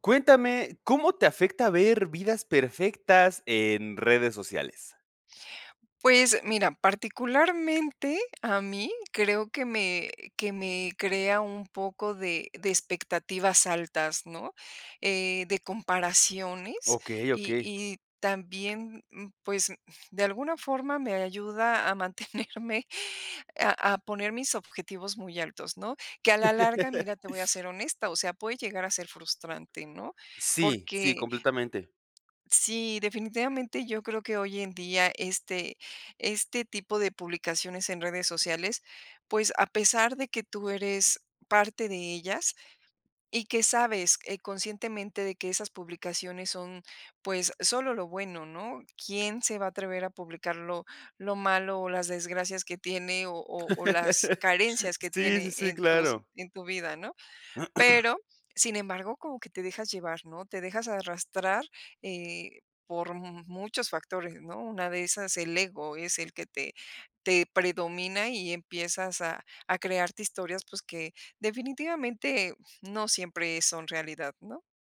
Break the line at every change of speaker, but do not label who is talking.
Cuéntame, ¿cómo te afecta ver vidas perfectas en redes sociales?
Pues, mira, particularmente a mí creo que me que me crea un poco de de expectativas altas, ¿no? Eh, de comparaciones,
Okey,
y
okey.
y también, m pues, m de alguna forma me ayuda a mantenerme, a a poner mis objetivos muy altos, ¿no? Que a la larga, mira, te voy a ser honesta, o sea, puede llegar a ser frustrante, ¿no?
Sí, sí,
Porque
completamente.
sí, definitivamente yo creo que hoy en día este, este tipo de publicaciones en redes sociales, pues, a pesar de que tú eres parte de ellas y que sabes, eh, conscientemente de que esas publicaciones son, pues, solo lo bueno, ¿no? ¿Quién se va a atrever a publicar lo lo malo, o las desgracias que tiene, o o o, las carencias que
Sí, sí,
tiene
sí,
en tus
claro.
en tu vida, ¿no? Pero, sin embargo, como que te dejas llevar, ¿no? Te dejas arrastrar, eh, por mu muchos factores, ¿no? Una de esas, el ego, es el que te te predomina, y empiezas a a crearte historias, pues, que definitivamente no siempre son realidad, ¿no?